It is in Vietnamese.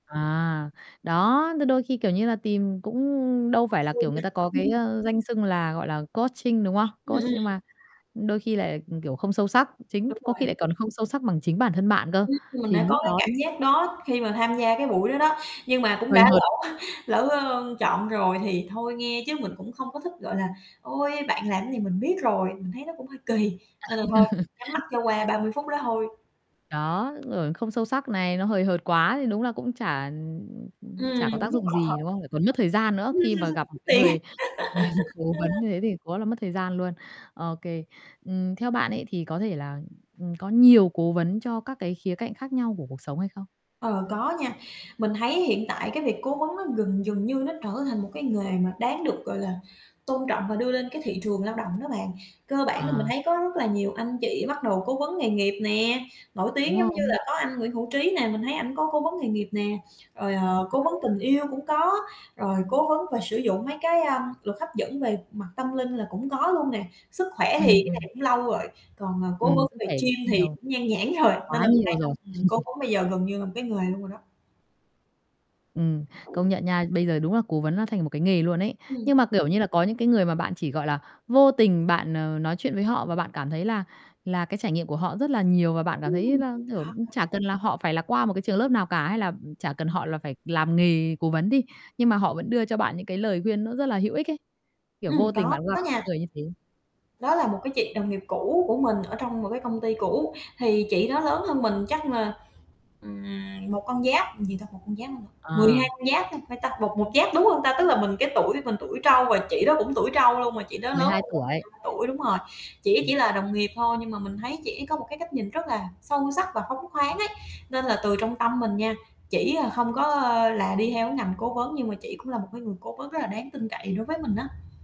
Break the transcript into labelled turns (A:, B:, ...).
A: À, đó. Thì đôi khi, kiểu như, là tìm cũng đâu
B: Hên
A: phải là
B: xui
A: kiểu
B: nha.
A: người ta có cái, a, danh xưng là, gọi là, coaching, đúng không?
B: Ừm,
A: Coach,
B: ừm.
A: nhưng mà đôi khi lại kiểu không sâu sắc, chính
B: Đúng
A: có khi
B: rồi.
A: lại còn không sâu sắc bằng chính bản thân bạn cơ,
B: Ừm, mình
A: thì
B: đã có,
A: lúc
B: cái,
A: đó
B: cảm giác đó khi mà tham gia, cái, buổi đó đó, nhưng mà cũng
A: Hời
B: đã
A: hợt.
B: lỡ lỡ, ờ, chọn rồi thì thôi nghe, chứ mình cũng không có thích, gọi là "Ôi, bạn làm gì mình biết rồi." Mình thấy nó cũng hơi kỳ, nên
A: À.
B: là thôi, nhắm mắt cho qua 30 phút đó thôi.
A: Đó, rồi không sâu sắc này, nó hời hợt quá thì đúng là cũng chả, ừm, ừm, ừm,
B: Ừm,
A: chả có
B: muốn
A: tác
B: buông
A: dụng
B: bỏ
A: gì,
B: thật.
A: đúng không? Lại còn mất thời gian nữa
B: Ừm,
A: khi mà gặp một,
B: kiếm
A: cái,
B: tiền.
A: người người cố
B: Ờ.
A: vấn như thế thì quá là mất thời gian luôn, OK. Ừm, theo bạn ấy thì có thể là, ừm, có nhiều cố vấn cho các cái khía cạnh khác nhau của cuộc sống hay không?
B: Ờ, có nha. Mình thấy hiện tại, cái, việc cố vấn nó gần dần như nó trở thành một, cái, nghề mà đáng được, gọi là, tôn trọng và đưa lên, cái, thị trường lao động đó bạn. Cơ bản là mình
A: À.
B: thấy có rất là nhiều anh chị bắt đầu cố vấn nghề nghiệp nè, nổi
A: Đúng
B: tiếng giống như là
A: không?
B: có anh Nguyễn Hữu Trí nè, mình thấy ảnh có cố vấn nghề nghiệp nè, rồi, ờ,
A: Hay
B: cố vấn
A: đấy.
B: tình yêu cũng có, rồi cố vấn và sử dụng mấy cái, à, luật hấp dẫn về mặt tâm linh là cũng có luôn nè. Sức khỏe thì,
A: Ừm,
B: cái
A: ừm.
B: này cũng lâu rồi. Còn, à,
A: Ừm,
B: cố vấn
A: sức
B: về
A: khỏe
B: gym
A: cũng
B: thì
A: nhiều.
B: cũng nhan nhãn rồi, nên
A: Quá
B: là mình thấy
A: nhiều
B: là,
A: rồi.
B: ừm, cố vấn bây giờ gần như là một cái nghề luôn rồi đó.
A: Ừm, công nhận nha. Bây giờ đúng là cố vấn nó thành một, cái, nghề luôn ấy.
B: Ừm.
A: Nhưng mà, kiểu như là, có những, cái, người mà bạn chỉ, gọi là, vô tình bạn, ờ, nói chuyện với họ và bạn cảm thấy là là cái trải nghiệm của họ rất là nhiều và bạn cảm thấy
B: Ừm,
A: là, kiểu, ừm,
B: có,
A: chả
B: có.
A: cần là họ phải là qua một cái trường lớp nào cả hay là, ừm, chả cần họ là phải làm nghề cố vấn đi. Nhưng mà họ vẫn đưa cho bạn những, cái, lời khuyên nó rất là hữu ích ấy, kiểu,
B: Ừm,
A: vô tình
B: có
A: bạn gặp những
B: nha.
A: người như thế.
B: Đó là một, cái, chị đồng nghiệp cũ của mình ở trong một cái công ty cũ, thì chị đó lớn hơn mình chắc là, ừm, một con giáp gì ta? Một con giáp hả ta? 12
A: À.
B: con giáp ha phải ta? Một một giáp, đúng hông ta? Tức là mình cái tuổi mình tuổi trâu và chị đó cũng tuổi trâu luôn, mà chị đó lớn
A: 12
B: hơn mình mười
A: tuổi.
B: hai tuổi đúng rồi. Chỉ
A: Ừm.
B: chỉ là đồng nghiệp thôi, nhưng mà mình thấy chị ấy có một, cái, cách nhìn rất là sâu sắc và phóng khoáng ấy nên là từ trong tâm mình nha, chỉ là không có, ờ, là đi theo cái ngành cố vấn nhưng mà chỉ cũng là một cái người cố vấn rất là đáng tin cậy đối với mình á.